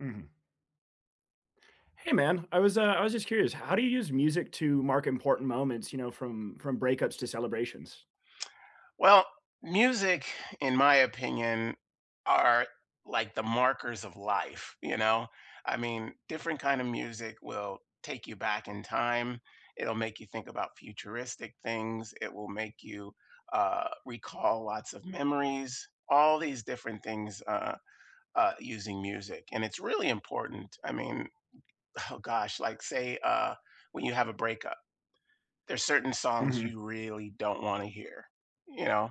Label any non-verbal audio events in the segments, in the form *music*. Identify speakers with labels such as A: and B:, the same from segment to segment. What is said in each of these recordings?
A: Mhm. Hey, man. I was, uh, I was just curious, how do you use music to mark important moments, you know, from from breakups to celebrations?
B: Well, music, in my opinion, are like the markers of life, you know? I mean, different kind of music will take you back in time, it'll make you think about futuristic things, it will make you, uh, recall lots of memories all these different things, uh uh, using music. And it's really important, I mean oh gosh, like say, uh, when you have a breakup, there are certain songs
A: Mhm.
B: you really don't wanna hear, you know,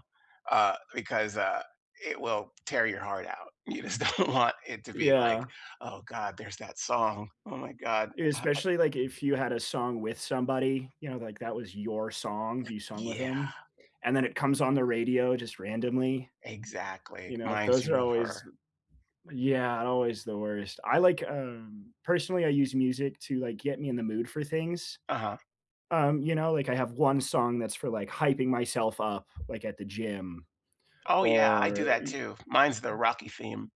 B: uh, because, uh, it will tear your heart out. You just don't want it to be like,
A: Yeah.
B: "Oh, god, there's that song. Oh, my god, ha it"
A: Especially, like, if you had a song with somebody, you know, like, that was your song, you sung with
B: Yeah.
A: them, and then it comes on the radio, just randomly.
B: Exactly,
A: You know,
B: minds
A: those
B: you
A: are
B: of
A: always
B: her.
A: th Yeah, always the worst. I like, um, personally, I use music to, like, get me in the mood for things.
B: Uh-huh.
A: Um, you know, like, I have 1 song that's for, like, hyping myself up, like, at the gym.
B: Oh, yeah, I do
A: Or
B: that
A: y
B: too. Mine's the Rocky theme.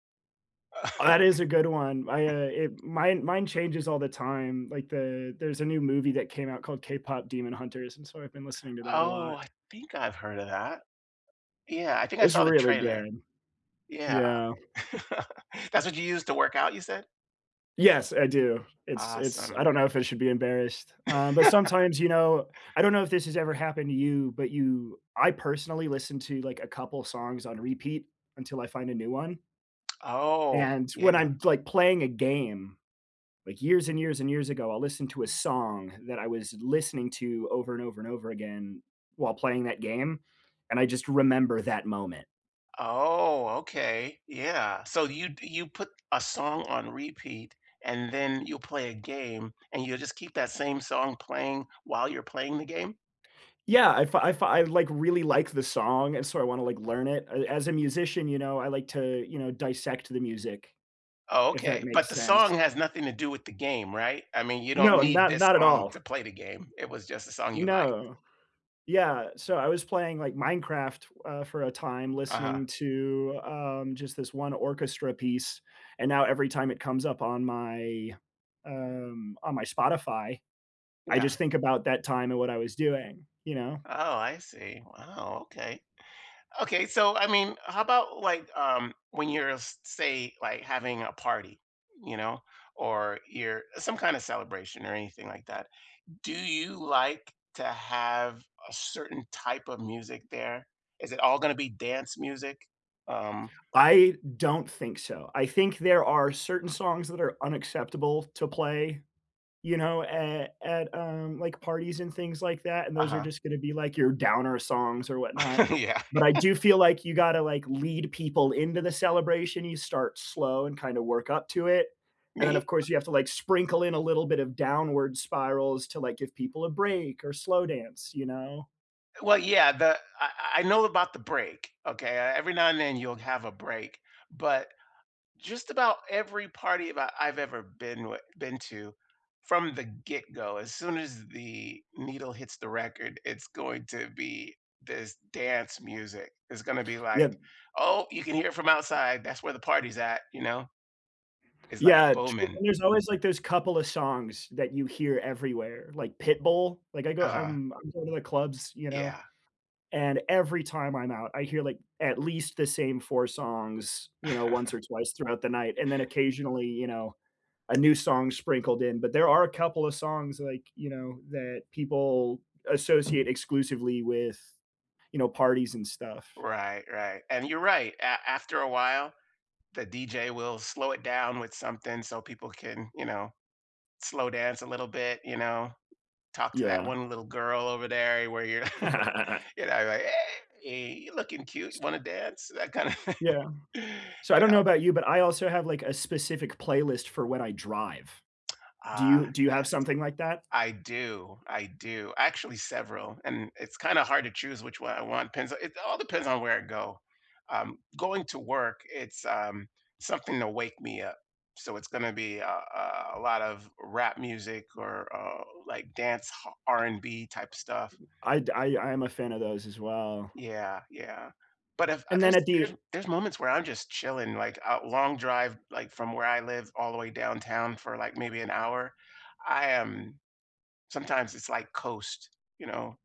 A: Oh, that is a good one. I, uh, it mine mine
B: *chuckles*
A: changes all the time. Like, the there's a new movie that came out called K-Pop Demon Hunters, and so I've been listening to that a
B: Oh,
A: lot.
B: I think I've heard of that. Yeah, I think I
A: It's
B: saw the
A: really
B: trailer.
A: good.
B: Yeah.
A: Yeah.
B: *laughs* That's what you use to work out, you said?
A: Yes, I do. It's it's I
B: Awesome.
A: don't know if I should be embarrassed, um, but
B: *laughs*
A: sometimes, you know, I don't know if this has ever happened to you, but you I personally listen to, like, a couple songs on repeat until I find a new one
B: Oh,
A: and
B: yeah.
A: when I'm, like, playing a game, like, uh, years and years and years ago, I'll listen to a song that I was listening to over and over and over again while playing that game, and I just remember that moment.
B: Oh, okay. Yeah, so you'd you put a song on repeat, and then you'll play a game, and you'll just keep that same song playing while you're playing the game?
A: Yeah, If i If i I, like, really like the song, and so I wanna, like, learn it. I as a musician, you know, I like to, you know, dissect the music,
B: Oh,
A: if that
B: okay. But
A: makes
B: the song
A: sense.
B: has nothing to do with the game, right? I mean, you don't
A: No.
B: need
A: Not
B: this
A: not at
B: song
A: all.
B: to play the game, it was just a song you liked.
A: No. Yeah. So I was playing, like, Minecraft, uh, for a time
B: Uh-huh.
A: listening to, um, just this 1 orchestra piece, and now every time it comes up on my, um, on my Spotify, I
B: Yeah.
A: just think about that time and what I was doing, you know?
B: Oh, I see. Wow, okay. Okay. So I mean, how about, like, um, when you're, uh, s say, like having a party, you know, or you're some kind of celebration or anything like that. Do you like to have a certain type of music there? Is it all gonna be dance music? Um
A: I don't think so. I think there are certain songs that are unacceptable to play, you know, at at, um, like, parties and things like that, and those are
B: Uh-huh.
A: just gonna be, like, your downer songs or whatnot,
B: *laughs* Yeah.
A: but I
B: *laughs*
A: do feel like you gotta, like, lead people into the celebration, you start slow and kinda work up to it, and then, of
B: Me?
A: course, you have to, like, sprinkle in a little bit of downward spirals to, like, give people a break or slow dance, you know?
B: Well, yeah, the I I I know about the break, okay? Uh, every now and then, you'll have a break. But just about every party that I've ever been with been to from the get go, as soon as the needle hits the record, it's going to be this dance music. It's gonna be like,
A: Yep.
B: "Oh, you can hear it from outside, that's where the party's at." you know? It's like
A: Yeah, true
B: booming.
A: and there's always, like, those couple of songs that you hear everywhere, like Pitbull. Like, I go
B: Uh-huh.
A: I'm I'm going to the clubs, you know,
B: Yeah.
A: and every time I'm out, I hear, like, at least the same 4 songs, you know, once
B: *chuckles*
A: or twice throughout the night, and then occasionally, you know, a new song sprinkled in, but there are a couple of songs, like, you know, that people associate exclusively with, you know, parties and stuff.
B: Right, right. And you're right, a after a while, the DJ will slow it down with something so people can, you know, slow dance a little bit, you know, talk to that
A: Yeah.
B: one little girl over there you where you're *chuckles*
A: *laughs*
B: You know, like, "Hey! Aye, you looking cute, you
A: S
B: wanna dance?" that kinda thing,
A: Yeah.
B: you
A: So, I don't know
B: know?
A: about you, but I also have, like, a specific playlist for when I drive.
B: Uh,
A: Do you Do you have
B: yes.
A: something like that?
B: I do. I do. Actually, several, and it's kinda hard to choose which one I want, depends it all depends on where I go. Um, going to work, it's, um, something to wake me up, so it's gonna be a a a lot of rap music or, uh, like, dance ha R and B type stuff.
A: I'd I I am a fan of those as well.
B: Yeah, yeah. But if a
A: And
B: There's
A: then at
B: there's
A: the
B: there's moments where I'm just chilling, like, uh, long drive, like, from where I live all the way downtown for, like, maybe 1 hour, I am Sometimes it's like coast, you know,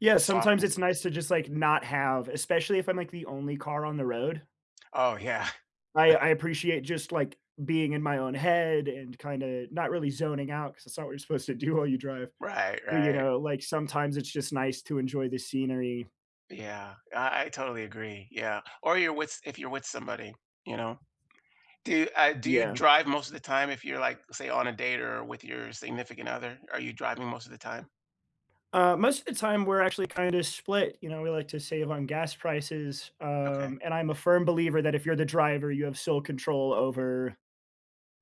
A: Yeah,
B: soft
A: sometimes it's
B: music.
A: nice to just, like, not have especially if I'm, like, the only car on the road.
B: Oh, yeah.
A: I
B: *chuckles*
A: I appreciate just, like, being in my own head and kinda not really zoning out, 'cause it's not what you're supposed to do while you drive.
B: Right,
A: But, you
B: right.
A: know, like, sometimes it's just nice to enjoy the scenery.
B: Yeah. I I totally agree. Yeah. Or you're with s if you're with somebody, you know? Do, uh Do you
A: Yeah.
B: drive most of the time if you're, like, say, on a date or with your significant other? Are you driving most of the time?
A: Uh, most of the time, we're actually kinda split, you know, we like to save on gas prices,
B: Okay.
A: um, and I'm a firm believer that if you're the driver, you have sole control over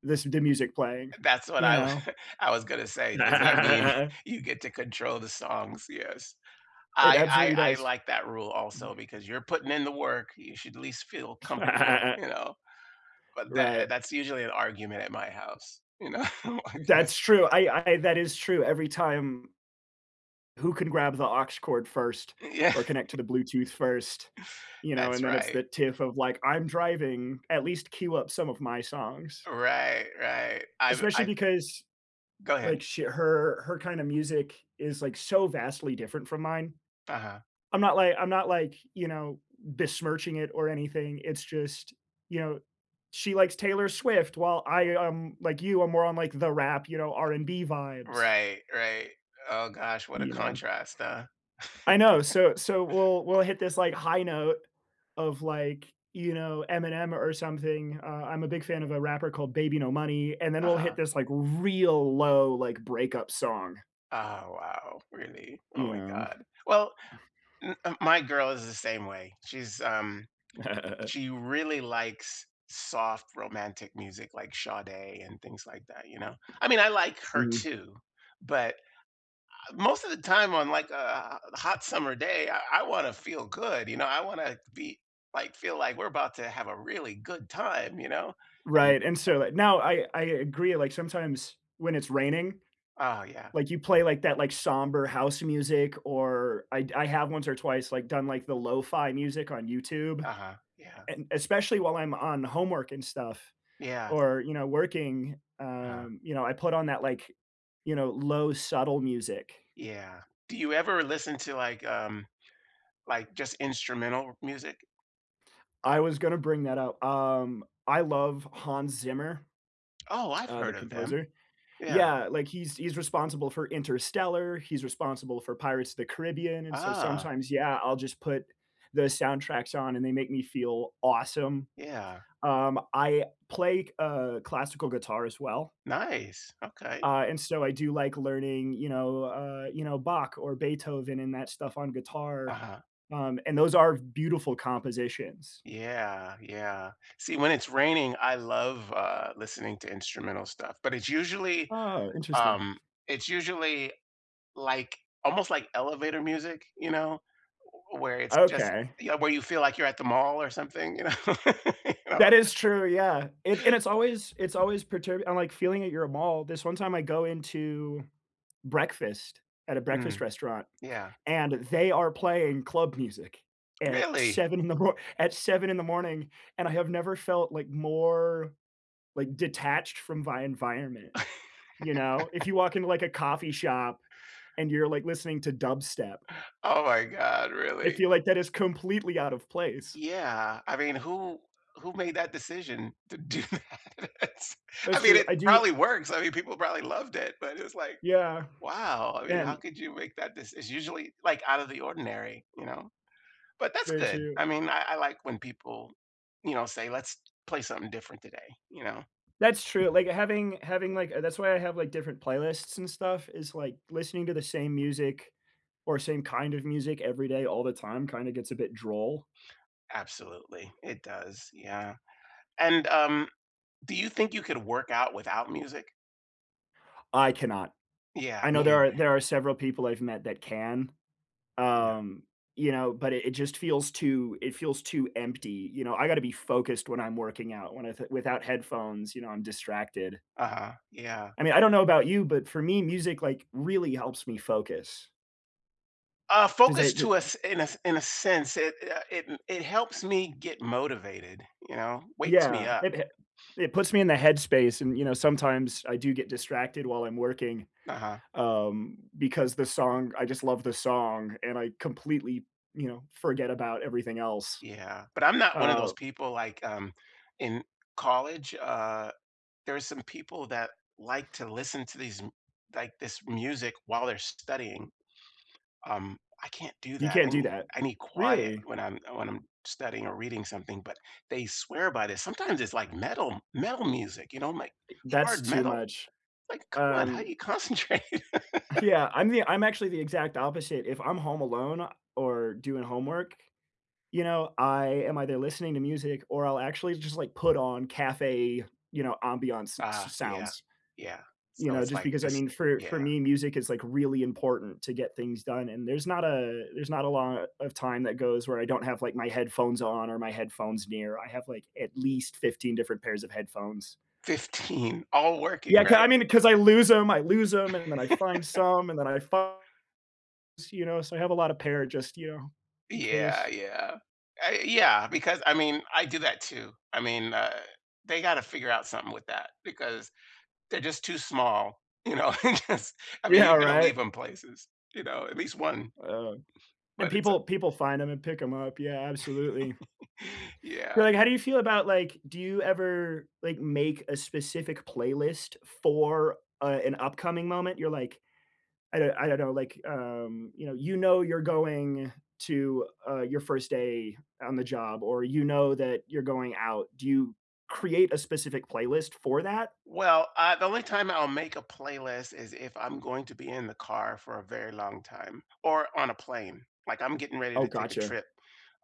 A: this the music playing,
B: That's what
A: you
B: I wa
A: know.
B: I was gonna say, does that mean *chuckles*
A: *laughs*
B: you get to control the songs? Yes.
A: It
B: I
A: absolutely
B: I I
A: does.
B: like that rule also because you're putting in the work, you should least feel comfortable, you
A: *laughs*
B: know, but tha uh,
A: Right.
B: that's usually an argument at my house, you know, I
A: That's
B: guess.
A: true, I I that is true, every time who can grab the aux cord first
B: Uh, yeah.
A: or connect to the Bluetooth first, you know,
B: That's
A: and then it's
B: right.
A: the tiff of, like, "I'm driving, at least queue up some of my songs"
B: Right, right, I'm
A: especially
B: I
A: because,
B: Go head.
A: like, sh her her kind of music is, like, so vastly different from mine.
B: Uh-huh.
A: I'm not like I'm not like, you know, besmirching it or anything, it's just, you know, she likes Taylor Swift while I am, like you, I'm more on, like, the rap, you know, R&B vibes
B: Right, right, oh gosh, what a
A: you know.
B: contrast, uh
A: I know. So so,
B: *chuckles*
A: we'll we'll hit this, like, high note of, like, you know, Eminem or something, uh, I'm a big fan of a rapper called Baby No Money, and then we'll hit
B: Uh-huh.
A: this, like, real low, like, breakup song.
B: Oh, wow, really? Oh
A: You
B: my
A: know?
B: god. Well,
A: *chuckles*
B: m uh my girl is the same way. She's, um
A: *laughs*
B: she really likes soft, romantic music like Sade and things like that, you know. I mean, I like her
A: Mhm.
B: too, but, ah, most of the time on, like, uh, uh, a hot summer day, I wanna feel good, you know, I wanna be like feel like we're about to have a really good time, you know, and
A: Right, and so now, I I agree, like, sometimes when it's raining,
B: Oh, yeah.
A: like, you play, like, that, like, somber house music or I'd I have once or twice, like, done, like, the lo-fi music on YouTube.
B: Uh-huh, yeah.
A: And especially while I'm on homework and stuff
B: Yes.
A: or, you know, working,
B: Uh-huh.
A: um, you know, I put on that, like, you know, low subtle music.
B: Yeah. Do you ever listen to, like, um, like, just instrumental music?
A: I was gonna bring that up. Um, I love Hans Zimmer,
B: Oh, I've
A: uh, the
B: heard of them.
A: composer.
B: Yeah.
A: Yeah, like, he's he's responsible for Interstellar, he's responsible for Pirates of the Caribbean, and so
B: Ah.
A: sometimes, yeah, I'll just put the soundtracks on, and they make me feel awesome.
B: Yeah.
A: Um, I play c uh, classical guitar as well.
B: Nice, okay.
A: Uh, and so, I do like learning, you know, uh, you know, Bach or Beethoven and that stuff on guitar.
B: Uh-huh.
A: Um, and those are beautiful compositions.
B: Yeah, yeah. See, when it's raining, I love, uh, listening to instrumental stuff. But it's usually
A: Aw, interesting.
B: um, it's usually, like almost like elevator music, you know, w where it's just
A: Okay.
B: Yeah, where you feel like you're at the mall or something, you know? *laughs* You know?
A: That is true, yeah, it and it's always it's always perturbed I'm like, feeling at your mall. This one time I go into breakfast at a breakfast
B: Mhm.
A: restaurant,
B: Yeah.
A: and they are playing club music at
B: Really?
A: 7 in the mor at 7 in the morning, and I have never felt like, more like, detached from my environment. You know? If you
B: *laughs*
A: walk into, a coffee shop and you're, like, listening to dubstep
B: Oh my god,
A: I
B: really?
A: feel like that is completely out of place.
B: Yeah. I mean, who who made that decision to do that, it's I
A: That's
B: mean,
A: true.
B: it
A: I do
B: probably works. I mean, people probably loved it, but it was like,
A: Yeah.
B: "Wow." I mean, how
A: And
B: could you make that deci it's usually, like, out of the ordinary, you know? But that's
A: Very
B: good.
A: true.
B: I mean, I I like when people, you know, say, "Let's play something different today," you know?
A: That's true. Like, having having, like, a that's why I have, like, different playlists and stuff is, like, listening to the same music or same kind of music every day all the time kinda gets a bit droll.
B: Absolutely, it does, yeah. And, um, do you think you could work out without music?
A: I cannot.
B: Yeah,
A: I know there
B: me.
A: are there are several people I've met that can,
B: Yeah.
A: um, you know, but it it just feels too it feels too empty, you know? I gotta be focused when I'm working out. When I th without headphones, you know, I'm distracted.
B: Uh-huh, yeah.
A: I mean, I don't know about you, but for me, music, like, really helps me focus.
B: Uh,
A: Does
B: focus
A: it do
B: to a s in a in a sense, it, uh, it m it helps me get motivated, you know, wakes me
A: Yeah,
B: up.
A: it ha it puts me in the headspace and, you know, sometimes I do get distracted while I'm working,
B: Uh-huh.
A: um, because the song I just love the song and I completely, you know, forget about everything else.
B: Yeah, but I'm not one of
A: Uh
B: those people like, um, in college, uh, there are some people that like to listen to these m like, this music while they're studying. Um, I can't do
A: You
B: that, I
A: can't do
B: nee
A: that.
B: I need quiet
A: Really?
B: when I'm when I'm studying or reading something, but they swear by this. Sometimes it's like metal m metal music, you know, like,
A: I that's
B: hard
A: too
B: metal.
A: much.
B: Like, "Come on, how do
A: Um
B: you concentrate?" *laughs*
A: Yeah, I'm the I'm actually the exact opposite. If I'm home alone or doing homework, you know, I am either listening to music or I'll actually just, like, put on café, you know, ambiance s
B: Ah,
A: s
B: yeah.
A: sounds.
B: Yeah.
A: You
B: So
A: know,
B: it's
A: just
B: like
A: because, I
B: just
A: mean, for
B: yeah.
A: for me, music is, like, really important to get things done and there's not a there's not a lot of time that goes where I don't have, like, my headphones on or my headphones near; I have, like, at least 15 different pairs of headphones.
B: 15? All working,
A: Yeah, 'ca
B: right?
A: I mean, 'cause I lose 'em I lose 'em, and then I find
B: *laughs*
A: some, and then I fi s you know, so I have a lot of pair just, you know, in
B: Yeah,
A: case.
B: yeah. I yeah, because, I mean, I do that too. I mean, uh, they gotta figure out something with that because they're just too small. You know, I guess I mean,
A: Yeah,
B: you're gonna
A: right?
B: leave 'em places, you know, at least 1.
A: Um, and
B: But it's, uh
A: people people find 'em and pick 'em up, yeah, absolutely.
B: *laughs* Yeah.
A: But, like, how do you feel about, like do you ever, like, make a specific playlist for, uh, an upcoming moment? You're like I do I don't know, like, um, you know, you know you're going to, uh, your 1st day on the job or you know that you're going out, do you create a specific playlist for that?
B: Well, ah, the only time I'll make a playlist is if I'm going to be in the car for a very long time or on a plane. Like, I'm getting ready
A: Oh,
B: to take a
A: gotcha.
B: trip,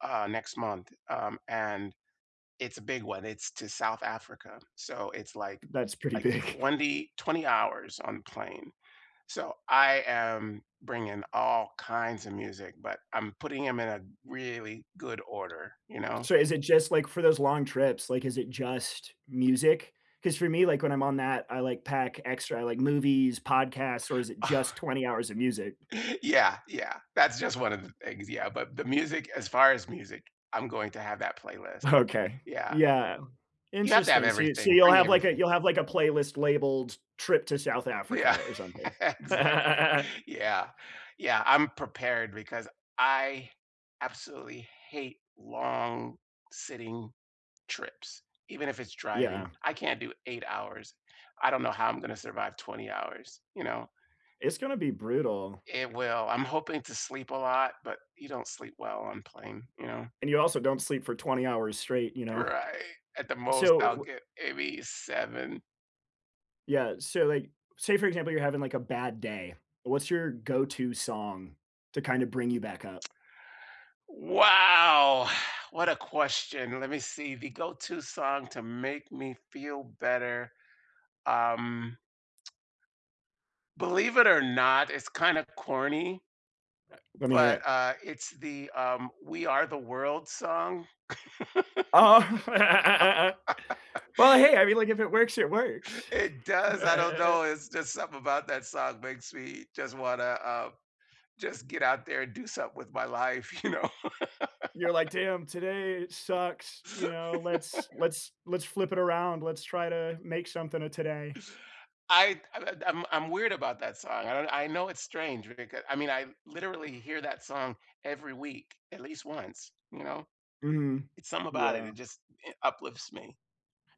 B: uh, next month, um, and it's a big one, it's to South Africa. So it's like
A: That's pretty
B: like
A: big.
B: 20 20 hours on plane. So I am bringing all kinds of music, but I'm putting 'em in a really good order, you know?
A: So is it just, like, for those long trips, like, is it just music? 'Cause for me, like, when I'm on that, I, like, pack extra; I like movies, podcasts or is it just
B: Oh.
A: 20 hours of music?
B: Yeah, yeah. That's just 1 of the things, yeah. But the music as far as music, I'm going to have that playlist.
A: Okay.
B: Yeah.
A: Yeah.
B: You have to have
A: Interesting, so you so
B: everything,
A: you'll
B: bring
A: have, like, a
B: everything.
A: you'll have, like, a playlist labeled "trip to South Africa"
B: Yeah,
A: or something.
B: exactly.
A: *laughs*
B: Yeah. Yeah, I'm prepared because I absolutely hate long, sitting trips, even if it's driving.
A: Yeah.
B: I can't do 8 hours. I don't know how I'm going to survive 20 hours, you know?
A: It's gonna be brutal.
B: It will. I'm hoping to sleep a lot, but you don't sleep well on plane, you know?
A: And you also don't sleep for 20 hours straight, you know?
B: Right. At the
A: So,
B: most, I'll
A: w
B: get maybe 7.
A: Yeah, so, like, say, for example, you're having, like, a bad day. What's your go-to song to kind of bring you back up?
B: Wow! *exhales* What a question. Let me see, the go-to song to make me feel better, um *tsk* believe it or not, it's kinda corny
A: Let me hear
B: but,
A: it.
B: uh, it's the, um, We Are the World song.
A: Oh. *laughs* Well,
B: *laughs*
A: hey, I mean, like, if it works, it works.
B: It does, I don't know,
A: *chuckles*
B: it's just something about that song, makes me just wanna, um, just get out there and do something with my life, you know?
A: You're like,
B: *laughs*
A: "Damn, today sucks. You know, let's
B: *laughs*
A: let's let's flip it around. Let's try to make something of today."
B: I I I I'm I'm weird about that song, I don't I know it's strange becau I mean, I literally hear that song every week, at least once, you know?
A: Mhm,
B: It's something about it, it
A: yeah.
B: just, eh, uplifts me.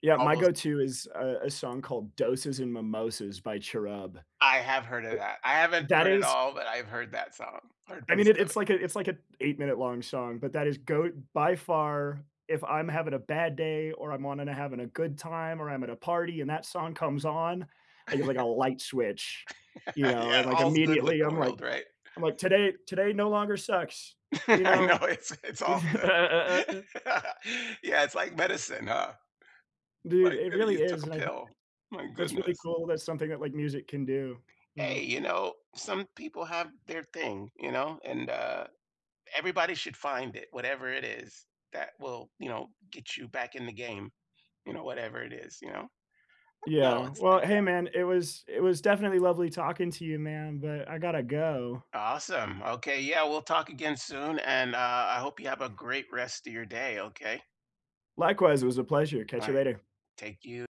A: Yeah, my
B: Almost
A: go-to is a a song called Doses and Mimosas by Cherub.
B: I have heard of
A: U
B: that. I haven't
A: that
B: heard it
A: is
B: all, but I've heard that song. Heard a
A: I mean,
B: piece
A: it
B: of
A: it's
B: it.
A: like a it's like a eight-minute-long song, but that is GOAT by far. If I'm having a bad day or I'm wanting to having a good time or I'm at a party and that song comes on, I get, like, a light switch, you
B: *laughs*
A: know, and,
B: Yeah,
A: like,
B: all's good with
A: immediately,
B: the
A: I'm like
B: world, right?
A: I'm like, "Today today no longer sucks,"
B: *laughs*
A: you
B: I know,
A: know?
B: it's it's all good.
A: *laughs*
B: Yeah, it's like medicine, huh?
A: Dude,
B: Like,
A: it
B: uh, you
A: really
B: took
A: is,
B: a
A: and I
B: pill. My
A: that's really
B: goodness.
A: cool, that's something that, like, music can do, you know?
B: Hey, you know, some people have their thing, you know, and, uh, everybody should find it, whatever it is, that will, you know, get you back in the game, you know, whatever it is, you know? I know,
A: Yeah.
B: it's
A: Well,
B: like
A: hey,
B: that.
A: man, it was it was definitely lovely talking to you, man, but I gotta go.
B: Awesome. Okay, yeah, we'll talk again soon and, uh, I hope you have a great rest of your day, okay?
A: Likewise, it was a pleasure,
B: All
A: catch you
B: right,
A: later.
B: thank you.